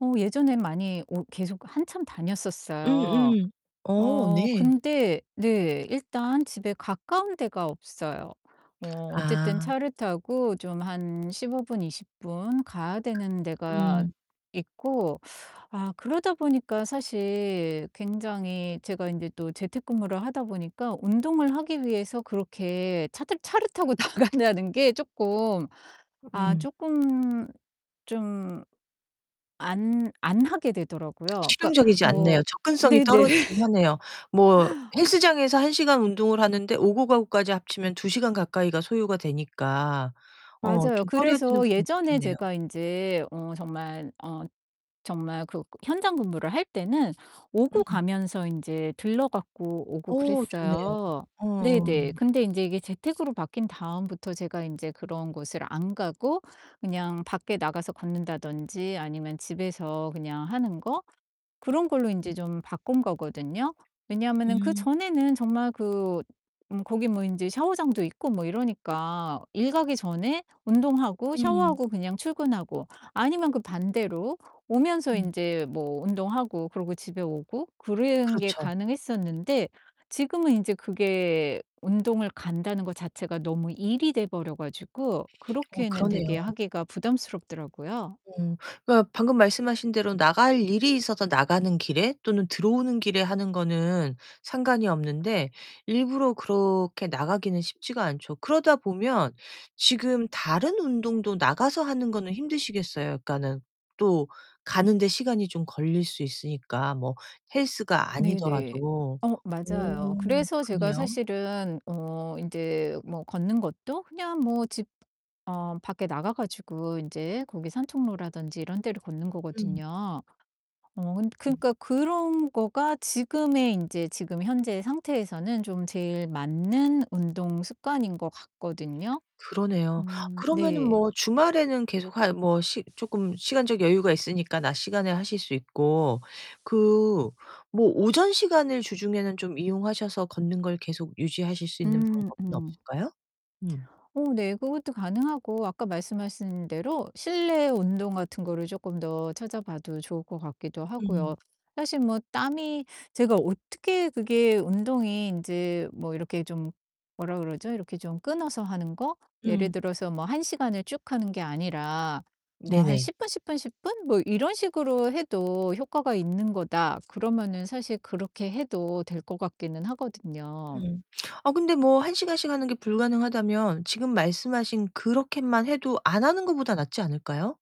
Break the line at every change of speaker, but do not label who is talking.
어 예전에 많이 오 계속 한참
음
다녔었어요.
음. 어
어
네.
근데 네 일단 집에 가까운 데가 없어요. 뭐 어쨌든
아.
차를 타고 좀 한 15 분, 20 분 가야 되는 데가
음.
있고 아 그러다 보니까 사실 굉장히 제가 인제 또 재택근무를 하다 보니까 운동을 하기 위해서 그렇게 차들 차를 타고 나간다는 게 쪼끔
[unintelligible]
아
음.
쪼끔 좀 안 안 하게 되더라고요. 그러니까
실용적이지 않네요.
뭐
접근성이
네네.
떨어지기는 하네요. 뭐 헬스장에서 1 시간 운동을 하는데 오고 가고까지 합치면 2 시간 가까이가 소요가 되니까 어
맞아요.
좀 꺼려지는
그래서
부분도
예전에
있겠네요.
제가 인제 어 정말 어 정말 그 현장 근무를 할 때는 오고
음.
가면서 인제 들러 갖고 오고
어 좋네요.
그랬어요.
어
네네.
음.
근데 인제 이게 재택으로 바뀐 다음부터 제가 인제 그런 곳을 안 가고 그냥 밖에 나가서 걷는다든지 아니면 집에서 그냥 하는 거 그런 걸로
음.
인제 좀 바꾼 거거든요. 왜냐면은
음.
그전에는 정말 그 음 거기 뭐 인제 샤워장도 있고 뭐 이러니까 일 가기 전에 운동하고
음.
샤워하고 그냥 출근하고 아니면 그 반대로 오면서
음.
인제 뭐 운동하고 그러고 집에 오고 그런 게
그렇죠.
가능했었는데 지금은 인제 그게 운동을 간다는 거 자체가 너무 일이 돼 버려 가지고
어
그렇게는 되게
그러네요.
하기가 부담스럽더라고요.
음. 그러니까 방금 말씀하신 대로 나갈 일이 있어서 나가는 길에 또는 들어오는 길에 하는 거는 상관이 없는데 일부러 그렇게 나가기는 쉽지가 않죠. 그러다 보면 지금 다른 운동도 나가서 하는 거는 힘드시겠어요. 그러니까는 또 가는데 시간이 좀 걸릴 수 있으니까 뭐 헬스가
네네.
아니더라도.
어 맞아요.
음
그래서 제가
그래요?
사실은 어 인제 뭐 걷는 것도 그냥 뭐 집 어 밖에 나가 가지고 인제 거기 산책로라든지 이런 데를 걷는
음.
거거든요. 어 근
음.
그러니까 그런 거가 지금의 인제 지금 현재 상태에서는 좀 제일 맞는 운동 습관인 것 같거든요.
그러네요.
음
그러면은
네.
뭐 주말에는 계속 하 뭐 시 쪼끔 시간적 여유가 있으니까 낮 시간에 하실 수 있고 그 뭐 오전 시간을 주중에는 좀 이용하셔서 걷는 걸 계속 유지하실 수 있는
음
방법은
음.
없을까요? 음.
어 네. 그것도 가능하고 아까 말씀하신 대로 실내 운동 같은 거를 쪼끔 더 찾아봐도 좋을 것 같기도
음.
하고요. 사실 뭐 땀이 제가 어떻게 그게 운동이 인제 뭐 이렇게 좀 뭐라 그러죠 이렇게 좀 끊어서 하는 거? 예를
음.
들어서 뭐 1 시간을 쭉 하는 게 아니라 뭐 한
네네.
10 분, 10 분, 10 분 뭐 이런 식으로 해도 효과가 있는 거다. 그러면은 사실 그렇게 해도 될 것 같기는 하거든요.
음. 아 근데 뭐 1 시간씩 하는 게 불가능하다면 지금 말씀하신 그렇게만 해도 안 하는 것보다 낫지 않을까요?